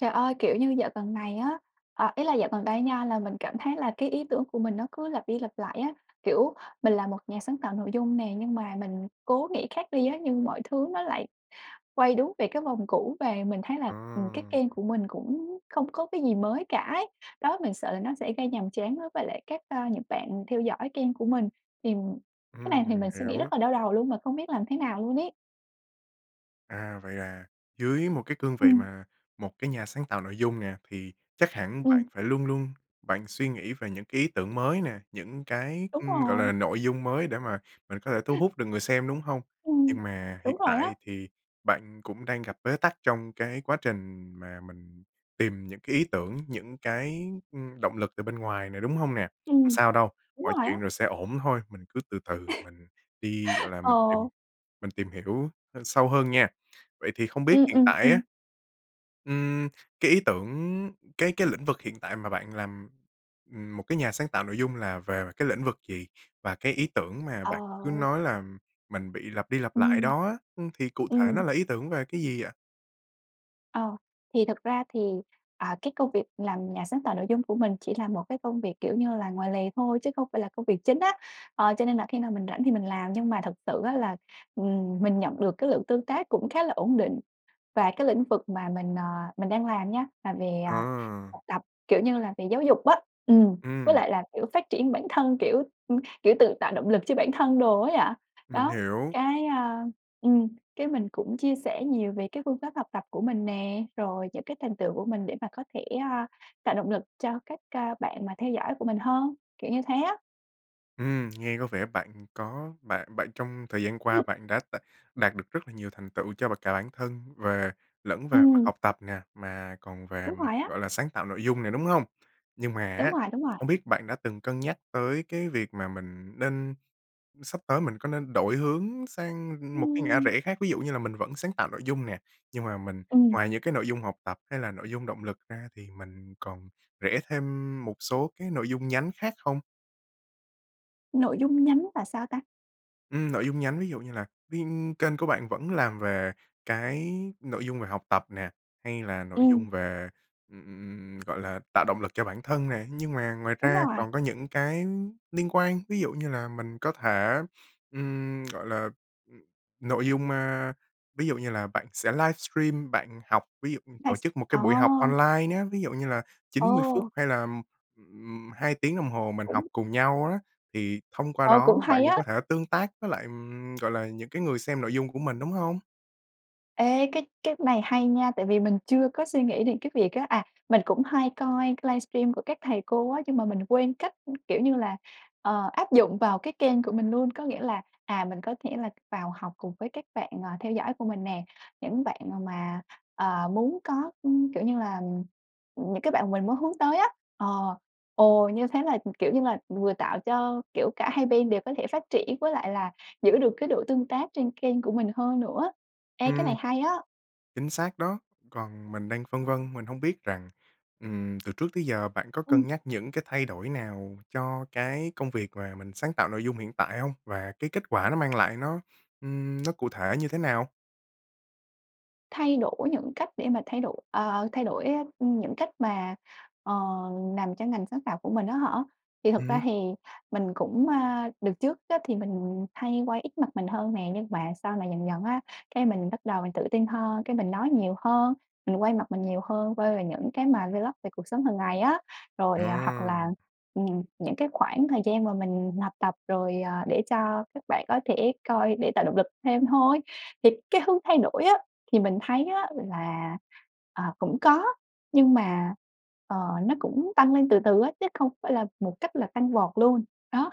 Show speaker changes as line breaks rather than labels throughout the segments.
Trời ơi, kiểu như dạo gần này á ờ, ý là dạo gần đây nha là mình cảm thấy là cái ý tưởng của mình nó cứ lặp đi lặp lại á. Kiểu, mình là một nhà sáng tạo nội dung nè, nhưng mà mình cố nghĩ khác đi á, nhưng mọi thứ nó lại quay đúng về cái vòng cũ. Và mình thấy là, ừm, cái
À.
kênh của mình cũng không có cái gì mới cả ấy. Đó, mình sợ là nó sẽ gây nhàm chán với với lại các, ơ, những bạn theo dõi kênh của mình. Thì cái
Ừm,
này thì
mình
mình suy nghĩ
hiểu.
rất là đau đầu luôn mà không biết làm thế nào luôn ấy.
À, vậy là dưới một cái cương vị
Ừm.
mà một cái nhà sáng tạo nội dung nè, thì chắc hẳn bạn
Ừm.
phải luôn luôn bạn suy nghĩ về những cái ý tưởng mới nè, những cái,
Đúng
ưm, gọi
rồi.
là, nội dung mới để mà mình có thể thu hút được người xem, đúng hông?
Ừm,
Nhưng mà hiện
đúng rồi
tại
á.
thì bạn cũng đang gặp bế tắc trong cái quá trình mà mình tìm những cái ý tưởng, những cái, ưm, động lực từ bên ngoài nè, đúng hông nè? Không
Ừm,
sao đâu,
đúng
mọi
rồi á.
chuyện rồi sẽ ổn thôi. Mình cứ từ từ, mình đi, gọi là, mình tìm
Ờ.
mình tìm hiểu h sâu hơn nha! Vậy thì không biết
Ừm,
hiện
ừm,
tại
ừm.
á ưm, cái ý tưởng, cái cái lĩnh vực hiện tại mà bạn làm, ừm, một cái nhà sáng tạo nội dung là về cái lĩnh vực gì? Và cái ý tưởng mà bạn cứ
Ờ.
nói là mình bị lặp đi lặp lại
Ừm.
đó á, ừ, thì cụ thể nó
Ừm.
là ý tưởng về cái gì vậy?
Ờ, thì thực ra thì, à, cái công việc làm nhà sáng tạo nội dung của mình chỉ là một cái công việc, kiểu như là, ngoài lề thôi chứ không phải là công việc chính á, ờ, cho nên là khi nào mình rảnh thì mình làm. Nhưng mà thật sự á là, ừm, mình nhận được cái lượng tương tác cũng khá là ổn định và cái lĩnh vực mà mình, à, mình đang làm nhá là về
Ờ.
học tập, kiểu như là về giáo dục á. Ừm, với
Ừm.
lại là, kiểu, phát triển bản thân, kiểu, kiểu tự tạo động lực cho bản thân đồ ấy ạ.
Mình
Đó,
hiểu.
cái, a, ừm, cái mình cũng chia sẻ nhiều về cái phương pháp học tập của mình nè, rồi những cái thành tựu của mình để mà có thể, a, tạo động lực cho các, a, bạn mà theo dõi của mình hơn, kiểu như thế á.
Ừm, nghe có vẻ bạn có bạn bạn trong thời gian qua
[unintelligible]
bạn đã đ đạt được rất là nhiều thành tựu cho bạn cả bản thân về lẫn về mặt
Ừm.
học tập nè, mà còn về
Đúng
mặt,
rồi á.
gọi là, sáng tạo nội dung nè, đúng hông? Nhưng mà
Đúng
á,
rồi, đúng rồi.
không biết bạn đã từng cân nhắc tới cái việc mà mình nên sắp tới mình có nên đổi hướng sang một cái ngã
Ưm.
rẽ khác? Ví dụ như là mình vẫn sáng tạo nội dung nè, nhưng mà mình
Ừm.
ngoài những cái nội dung học tập hay là nội dung động lực ra thì mình còn rẽ thêm một số cái nội dung nhánh khác không?
Nội dung nhánh là sao ta?
Ừm, nội dung nhánh, ví dụ như là ví kênh của bạn vẫn làm về cái nội dung về học tập nè, hay là nội
Ừm.
dung về, ừm, gọi là tạo động lực cho bản thân nè, nhưng mà ngoài
Đúng
ra
rồi!
còn có những cái liên quan. Ví dụ như là mình có thể, ừm, gọi là, nội dung, a, ví dụ như là bạn sẽ livestream bạn học, ví dụ
Là
tổ
s
chức một cái buổi học
Ồ!
online ná, ví dụ như là 90 phút
Ồ!
hay là, ừm, 2 tiếng đồng hồ mình học
Cũng
cùng nhau á. Thì thông qua
Ờ, cũng
đó bạn
hay
cũng
á!
có thể tương tác với lại, ừm, gọi là, những cái người xem nội dung của mình, đúng hông?
Ê, cái cái này hay nha, tại vì mình chưa có suy nghĩ đến cái việc á, à, mình cũng hay coi cái livestream của các thầy cô á, nhưng mà mình quên cách, kiểu như là, ờ, áp dụng vào cái kênh của mình luôn. Có nghĩa là, à, mình có thể là vào học cùng với các bạn, à, theo dõi của mình nè, những bạn mà, ờ, muốn có, ưm, kiểu như là, những cái bạn mình muốn hướng tới á, ờ, ồ, như thế là, kiểu như là, vừa tạo cho, kiểu, cả hai bên đều có thể phát triển với lại là giữ được cái độ tương tác trên kênh của mình hơn nữa. Ê, cái này
Ừm,
hay á!
chính xác đó! Còn mình đang phân vân, mình hông biết rằng, ừm, từ trước tới giờ bạn có
Ừm.
cân nhắc những cái thay đổi nào cho cái công việc mà mình sáng tạo nội dung hiện tại hông? Và cái kết quả nó mang lại nó, ừm, nó cụ thể như thế nào?
Thay đổi những cách để mà thay đổi ờ, thay đổi, a, những cách mà, ờ, làm cho ngành sáng tạo của mình á hả? Thì thực ra
Ừm.
thì mình cũng, a, đợt trước á, thì mình hay quay ít mặt mình hơn nè, nhưng mà sau này dần dần á, cái mình bắt đầu mình tự tin hơn, cái mình nói nhiều hơn, mình quay mặt mình nhiều hơn, quay về những cái mà vlog về cuộc sống hàng ngày á. Rồi hoặc
Ờ.
là, ừm, những cái khoảng thời gian mà mình học tập rồi, ờ, để cho các bạn có thể coi để tạo động lực thêm thôi. Thì cái hướng thay đổi á, thì mình thấy á là, ờ, cũng có nhưng mà, ờ, nó cũng tăng lên từ từ á, chứ không phải là một cách là tăng vọt luôn, đó.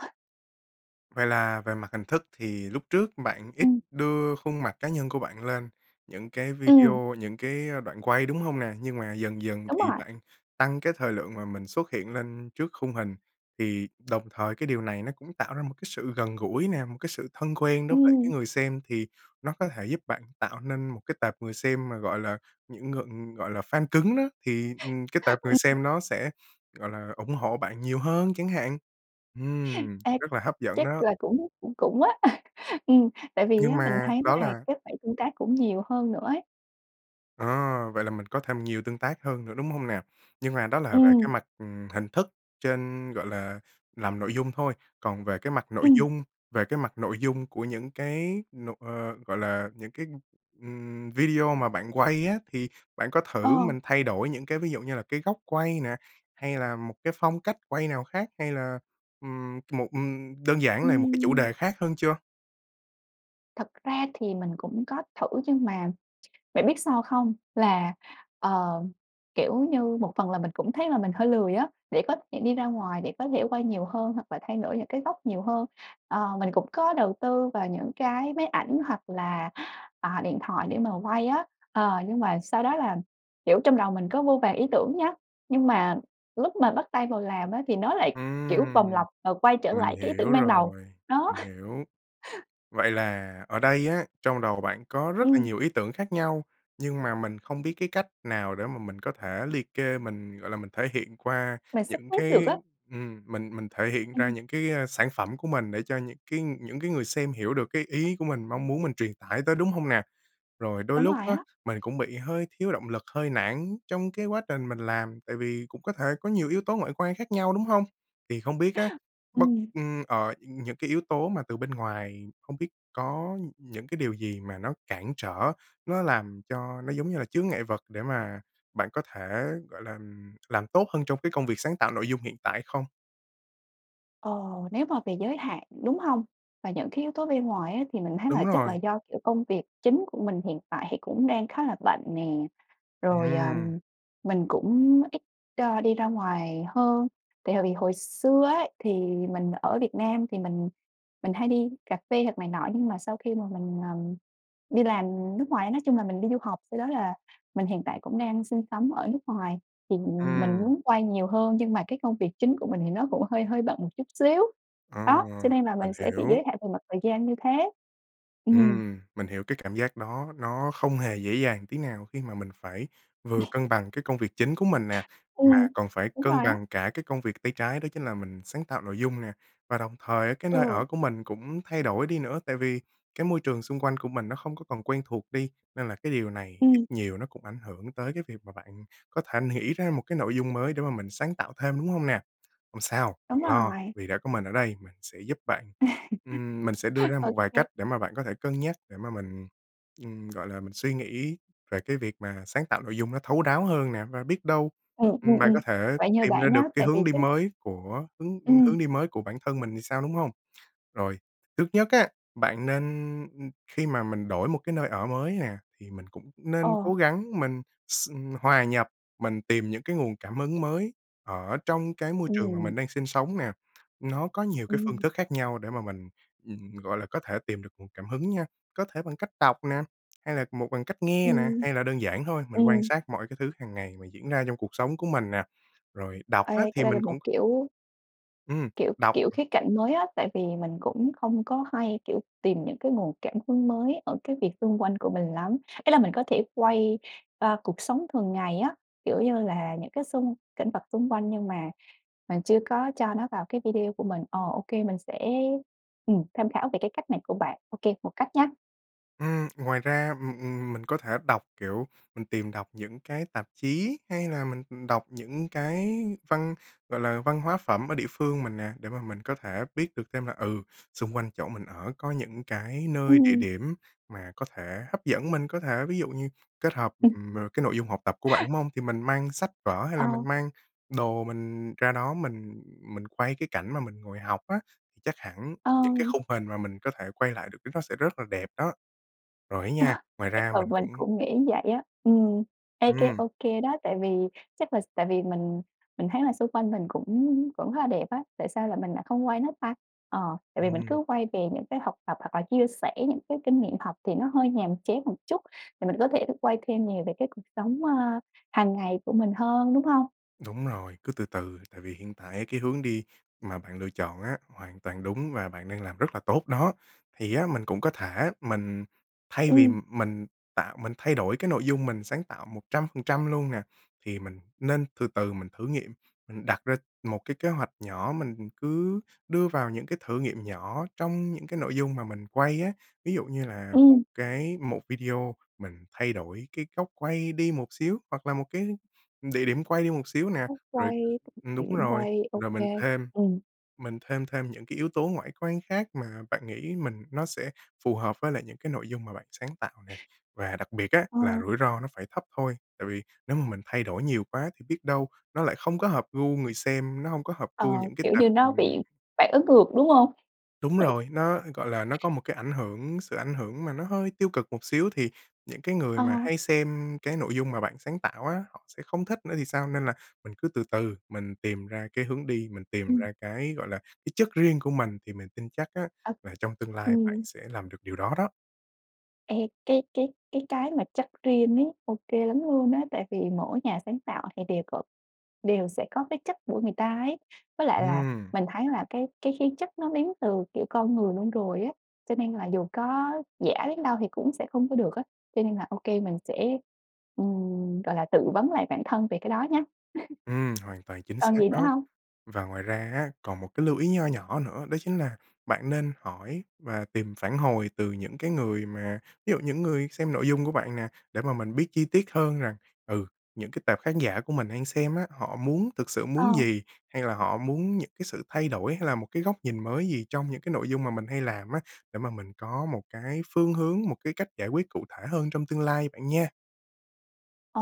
Vậy là về mặt hình thức thì lúc trước bạn ít
Ừm.
đưa khuôn mặt cá nhân của bạn lên những cái
Ừm.
video, những cái đoạn quay, đúng hông nè? Nhưng mà dần dần
Đúng
thì
rồi.
bạn tăng cái thời lượng mà mình xuất hiện lên trước khung hình. Thì đồng thời cái điều này nó cũng tạo ra một cái sự gần gũi nè, một cái sự thân quen đối với lại
Ừm.
cái người xem thì nó có thể giúp bạn tạo nên một cái tệp người xem mà, gọi là, những ngừ gọi là fan cứng đó, thì, ừm, cái tệp người
Ừm.
xem nó sẽ, gọi là, ủng hộ bạn nhiều hơn chẳng hạn. Ừm,
Ê,
rất là hấp dẫn
chắc
đó.
là cũng cũng cũng á. Ừm, tại vì
Nhưng
á mình
mà
thấy là
đó là
các bạn tương tác cũng nhiều hơn nữa ấy.
À, vậy là mình có thêm nhiều tương tác hơn nữa, đúng hông nào? Nhưng mà đó là về cái
Ừm.
mặt, ừm, hình thức trên, gọi là, làm nội dung thôi. Còn về cái mặt nội
Ừm.
dung về cái mặt nội dung của những cái n ờ, gọi là, những cái, ừm, video mà bạn quay á, thì bạn có thử
Ờ.
mình thay đổi những cái ví dụ như là cái góc quay nè, hay là một cái phong cách quay nào khác, hay là, ừm, một, ừm đơn giản là một cái chủ
Ưm.
đề khác hơn chưa?
Thật ra thì mình cũng có thử, nhưng mà bạn biết sao không? Là, ờ, kiểu như, một phần là mình cũng thấy là mình hơi lười á, để có thể đi ra ngoài, để có thể quay nhiều hơn, hoặc là thay đổi những cái góc nhiều hơn. Ờ, mình cũng có đầu tư vào những cái máy ảnh, hoặc là, à, điện thoại để mà quay á, ờ, nhưng mà sau đó là, kiểu, trong đầu mình có vô vàn ý tưởng nhá, nhưng mà lúc mà bắt tay vào làm á, thì nó lại, kiểu, vòng
Ừm,
lặp và quay trở
mình
lại cái ý tưởng
hiểu
ban đầu,
rồi,
đó.
mình hiểu. Vậy là ở đây á, trong đầu bạn có rất là
Ừm.
nhiều ý tưởng khác nhau, nhưng mà mình không biết cái cách nào để mà mình có thể liệt kê mình, gọi là, mình thể hiện qua
Mình sắp
những
xếp được
cái,
á.
ừm, mình mình thể hiện ra
Ừm.
những cái sản phẩm của mình để cho những cái những cái người xem hiểu được cái ý của mình mong muốn mình truyền tải tới đúng hông nè? Rồi đôi
Đúng
lúc
rồi
á,
á.
mình cũng bị hơi thiếu động lực, hơi nản trong cái quá trình mình làm, tại vì cũng có thể có nhiều yếu tố ngoại quan khác nhau, đúng hông? Thì không biết á, bất
Ừm.
ưm, ờ, những cái yếu tố mà từ bên ngoài không biết có những cái điều gì mà nó cản trở, nó làm cho nó giống như là chướng ngại vật để mà bạn có thể, gọi là, làm tốt hơn trong cái công việc sáng tạo nội dung hiện tại không?
Ồ, nếu mà về giới hạn, đúng hông? Và những cái yếu tố bên ngoài á, thì mình thấy là
Đúng
chắc là
rồi.
do, kiểu, công việc chính của mình hiện tại thì cũng đang khá là bận nè, rồi, ờ,
Ừm.
mình cũng ít, ơ, đi ra ngoài hơn tại hồi vì hồi xưa ấy, thì mình ở Việt Nam thì mình mình hay đi cà phê hoặc này nọ nhưng mà sau khi mà mình, ờm, đi làm nước ngoài nói chung là mình đi du học sau đó là mình hiện tại cũng đang sinh sống ở nước ngoài thì mình mình
Ừm.
muốn quay nhiều hơn nhưng mà cái công việc chính của mình thì nó cũng hơi hơi bận một chút xíu.
Ờ,
Đó, cho nên là
mình
mình sẽ bị
hiểu.
giới hạn về mặt thời gian như thế, ừm.
Ừm, mình hiểu cái cảm giác đó nó không hề dễ dàng tí nào khi mà mình phải vừa
[unintelligible]
cân bằng cái công việc chính của mình nè,
Ừm,
mà còn phải
đúng
cân
rồi á.
bằng cả cái công việc tay trái đó chính là mình sáng tạo nội dung nè. Và đồng thời á, cái nơi
Ừ.
ở của mình cũng thay đổi đi nữa, tại vì cái môi trường xung quanh của mình nó không có còn quen thuộc đi nên là cái điều này ít
Ừm.
nhiều nó cũng ảnh hưởng tới cái việc mà bạn có thể nghĩ ra một cái nội dung mới để mà mình sáng tạo thêm, đúng hông nè? Không sao,
Đúng
đừng lo,
rồi.
vì đã có mình ở đây, mình sẽ giúp bạn. Ừm, mình sẽ đưa ra một vài
OK.
cách để mà bạn có thể cân nhắc để mà mình, ừm, gọi là, mình suy nghĩ về cái việc mà sáng tạo nội dung nó thấu đáo hơn nè, và biết đâu,
Ừm,
ừm,
ừm,
bạn
ừm,
có thể
vậy nhờ
tìm ra
bạn nhá,
được cái
tại vì
hướng đi
cái
mới của hướng, ưm,
Ừm.
hướng đi mới của bản thân mình thì sao, đúng hông? Rồi, trước nhất á, bạn nên ưm, khi mà mình đổi một cái nơi ở mới nè thì mình cũng nên cố
Ờ.
gắng mình hòa nhập, mình tìm những cái nguồn cảm hứng mới ở trong cái môi trường mà
Ừm.
mình đang sinh sống nè. Nó có nhiều cái phương
Ừm.
thức khác nhau để mà mình, ừm, gọi là có thể tìm được nguồn cảm hứng nha, có thể bằng cách đọc nè hay là một bằng cách nghe nè
Ừm.
hay là đơn giản thôi, mình quan
Ừm.
sát mọi cái thứ hàng ngày mà diễn ra trong cuộc sống của mình nè. Rồi đọc á
Ê, cái
thì
đây là
mình
một
cũng
kiểu
Ừm,
kiểu k
đọc.
kiểu khía cạnh mới á, tại vì mình cũng không có hay, kiểu, tìm những cái nguồn cảm hứng mới ở cái việc xung quanh của mình lắm. Ý là mình có thể quay, ơ, cuộc sống thường ngày á, kiểu như là, những cái xung cảnh vật xung quanh nhưng mà mình chưa có cho nó vào cái video của mình, ờ, OK, mình sẽ, ừm, tham khảo về cái cách này của bạn. OK, một cách nhá.
Ưm ngoài ra, ừm, ừm, mình có thể đọc, kiểu, mình tìm đọc những cái tạp chí hay là mình đọc những cái văn, gọi là, văn hóa phẩm ở địa phương mình nè, để mà mình có thể biết được thêm là, ừ, xung quanh chỗ mình ở có những cái nơi địa
Ừm.
điểm mà có thể hấp dẫn mình, có thể ví dụ như kết hợp,
[unintelligible]
ừm, ờ, cái nội dung học tập của bạn, đúng hông? Thì mình mang sách vở hay là mình
Ờ.
mang đồ mình ra đó mình mình quay cái cảnh mà mình ngồi học á, chắc hẳn những cái
Ờm.
khung hình mà mình có thể quay lại được lúc đó nó sẽ rất là đẹp đó. Rồi ấy nha,
[unintelligible]
ngoài
Chắc
ra
là
mình
mình
cũng
cũng nghĩ vậy á. Ừm, ê cái
Ừm.
ô kê đó, tại vì chắc là s tại vì mình, mình thấy là xung quanh mình cũng cũng khá là đẹp á. Tại sao là mình lại không quay nó ta? Ờ, tại vì mình
Ừm.
cứ quay về những cái học tập hoặc là chia sẻ những cái kinh nghiệm học thì nó hơi nhàm chán một chút, thì mình có thể quay thêm nhiều về cái cuộc sống, ơ, hàng ngày của mình hơn, đúng hông?
Đúng rồi, cứ từ từ. Tại vì hiện tại á cái hướng đi mà bạn lựa chọn á, hoàn toàn đúng và bạn đang làm rất là tốt đó. Thì á mình cũng có thể mình thay vì
Ừm.
mình tạo mình thay đổi cái nội dung mình sáng tạo 100% luôn nè, thì mình nên từ từ mình thử nghiệm. Mình đặt ra một cái kế hoạch nhỏ mình cứ đưa vào những cái thử nghiệm nhỏ trong những cái nội dung mà mình quay á. Ví dụ như là một
Ừm.
cái một video mình thay đổi cái góc quay đi một xíu hoặc là một cái địa điểm quay đi một xíu nè,
Góc
rồi
quay
ừm, đúng
điểm
rồi.
quay. OK.
Rồi mình thêm
Ừm.
mình thêm thêm những cái yếu tố ngoại quan khác mà bạn nghĩ mình nó sẽ phù hợp với lại những cái nội dung mà bạn sáng tạo nè và đặc biệt á
Ờ.
là rủi ro nó phải thấp thôi, tại vì nếu mà mình thay đổi nhiều quá thì biết đâu nó lại không có hợp gu người xem, nó hông có hợp
Ờ,
gu những cái
kiểu
tệp
như, nó
ừm.
bị phản ứng ngược, đúng hông?
Đúng rồi, nó, gọi là, nó có một cái ảnh hưởng, sự ảnh hưởng mà nó hơi tiêu cực một xíu thì những cái người mà
Ờ.
hay xem cái nội dung mà bạn sáng tạo á, họ sẽ không thích nữa thì sao? Nên là mình cứ từ từ mình tìm ra cái hướng đi, mình tìm
Ừm.
ra cái, gọi là, cái chất riêng của mình thì mình tin chắc á
Ờ.
là trong tương lai bạn
Ừm.
sẽ làm được điều đó đó.
Ê, cái cái cái cái mà chất riêng ấy, ô kê lắm luôn á. Tại vì mỗi nhà sáng tạo thì đều cộp đều sẽ có cái chất của người ta ấy, với lại là
Ừm.
mình thấy là cái cái khí chất nó đến từ, kiểu, con người luôn rồi á, cho nên là dù có giả đến đâu thì cũng sẽ không có được á. Cho nên là ô kê, mình sẽ, ừm, gọi là, tự vấn lại bản thân về cái đó nhá.
Ừm, hoàn toàn chính
Còn
xác
gì nữa
đó.
hông?
Và ngoài ra á, còn một cái lưu ý nho nhỏ nữa, đó chính là bạn nên hỏi và tìm phản hồi từ những cái người mà ví dụ những người xem nội dung của bạn nè, để mà mình biết chi tiết hơn rằng, ừ, những cái tệp khán giả của mình đang xem á họ muốn thực sự muốn
Ờ.
gì, hay là họ muốn những cái sự thay đổi hay là một cái góc nhìn mới gì trong những cái nội dung mà mình hay làm á, để mà mình có một cái phương hướng, một cái cách giải quyết cụ thể hơn trong tương lai bạn nha.
Ồ,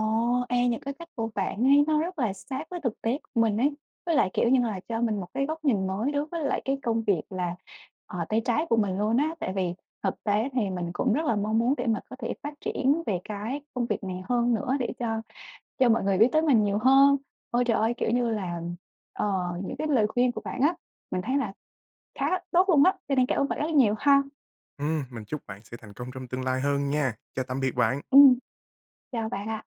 ê, những cái cách của bạn ấy, nó rất là sát với thực tế của mình ấy. Với lại, kiểu nhưng là, cho mình một cái góc nhìn mới đối với lại cái công việc là, ờ, tay trái của mình luôn á, tại vì thực tế thì mình cũng rất là mong muốn để mà có thể phát triển về cái công việc này hơn nữa để cho cho mọi người biết tới mình nhiều hơn. Ôi trời ơi! Kiểu như là, ờ, những cái lời khuyên của bạn á, mình thấy là khá tốt luôn á, cho nên cảm ơn bạn rất nhiều ha.
Ừm, mình chúc bạn sẽ thành công trong tương lai hơn nha! Chào tạm biệt bạn!
Ừm. Chào bạn ạ!